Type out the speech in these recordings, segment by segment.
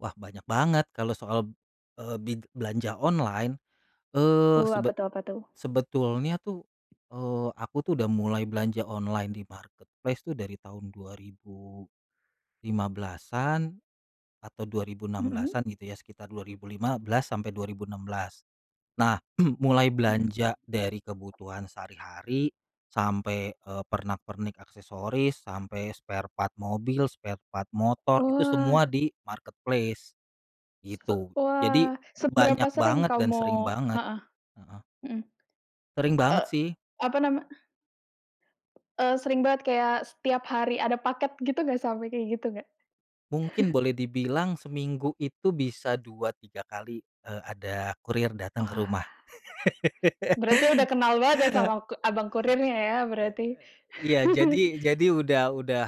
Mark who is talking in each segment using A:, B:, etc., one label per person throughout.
A: Wah, banyak banget kalau soal, eee, bi belanja online,
B: Hu
A: eee,
B: apa
A: sebet
B: tuh apa tuh?
A: sebetulnya tuh, eee, aku tuh udah mulai belanja online di marketplace tuh dari tahun 2015-an, atau dua ribu enam
B: Mmm.
A: belasan gitu, ya sekitar 2015-2016. Nah, mulai
B: Oke.
A: belanja dari kebutuhan sehari-hari sampai, eee, pernak pernik aksesoris, sampai spare part mobil, spare part motor, itu semua
B: Wah.
A: di marketplace
B: Se
A: gitu. Jadi
B: wah, seberapa
A: banyak
B: sering
A: banget dan sering
B: kamu
A: banget,
B: heeh.
A: heeh.
B: Mhm.
A: Sering banget
B: Eee,
A: sih.
B: apa nama Eee, sering banget kayak setiap hari ada paket gitu nggak, sampai kayak gitu nggak?
A: Mungkin boleh dibilang seminggu itu bisa 2, 3 kali, eee, ada kurir datang ke
B: Wah.
A: rumah.
B: Berarti udah kenal banget ya sama ku abang kurirnya ya berarti.
A: Iya jadi jadi udah udah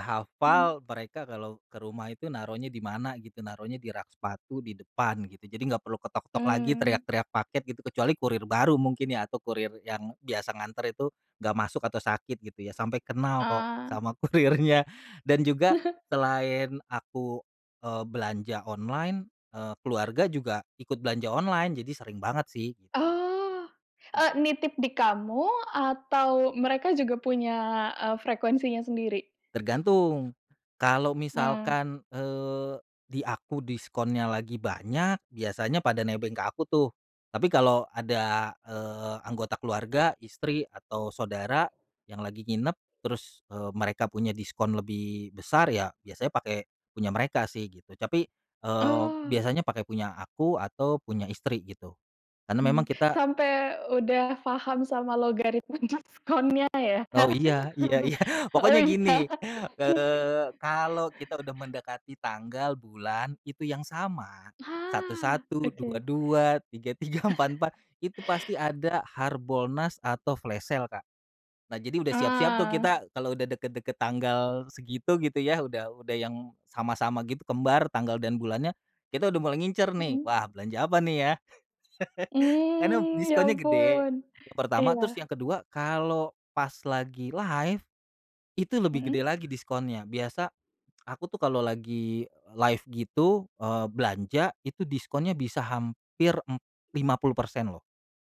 B: Mmm.
A: hafal mereka kalo ke rumah itu naruhnya di mana gitu naruhnya di rak sepatu di depan, gitu. Jadi nggak perlu ketok-ketok lagi
B: Mmm.
A: teriak-teriak paket gitu, kecuali kurir baru mungkin ya atau kurir yang biasa nganter itu nggak masuk atau sakit gitu ya, sampai kenal kok
B: Ah.
A: sama kurirnya. Dan juga selain aku, eee, belanja online, eee, keluarga juga ikut belanja online, jadi sering banget sih gitu.
B: Oh, eee, nitip di kamu atau mereka juga punya, eee, frekuensinya sendiri?
A: Tergantung, kalau
B: Mmm.
A: misalkan, eee, di aku diskonnya lagi banyak biasanya pada nebeng ke aku tuh. Tapi kalo ada, eee, anggota keluarga, istri, atau saudara yang lagi nginep terus, eee, mereka punya diskon lebih besar ya biasanya pake punya mereka sih gitu. Tapi, eee,
B: Oh.
A: biasanya pake punya aku atau punya istri gitu. Karena memang
B: Mmm,
A: kita
B: sampe udah paham sama logaritma diskonnya ya.
A: Oh, iya iya iya.
B: Oh,
A: Pokoknya
B: iya.
A: gini, eee, kalau kita udah mendekati tanggal bulan itu yang sama satu
B: Wah,
A: satu, dua
B: oke.
A: dua, tiga tiga, empat empat, itu pasti ada harbolnas atau flash sale, Kak. Nah, jadi udah siap-siap tuh
B: Ah.
A: kita kalau udah deket-deket tanggal segitu gitu ya, udah udah yang sama-sama gitu kembar tanggal dan bulannya kita udah mulai ngincer nih,
B: Mhm.
A: "Wah, belanja apa nih ya?" Karena
B: Mmm, ya
A: diskonnya gede
B: ampun,
A: yang pertama, terus
B: iya.
A: yang kedua kalo pas lagi live itu lebih gede
B: Mhm.
A: lagi diskonnya. Biasa, aku tuh kalau lagi live gitu, eee, belanja itu diskonnya bisa hampir, mmm, 50% loh.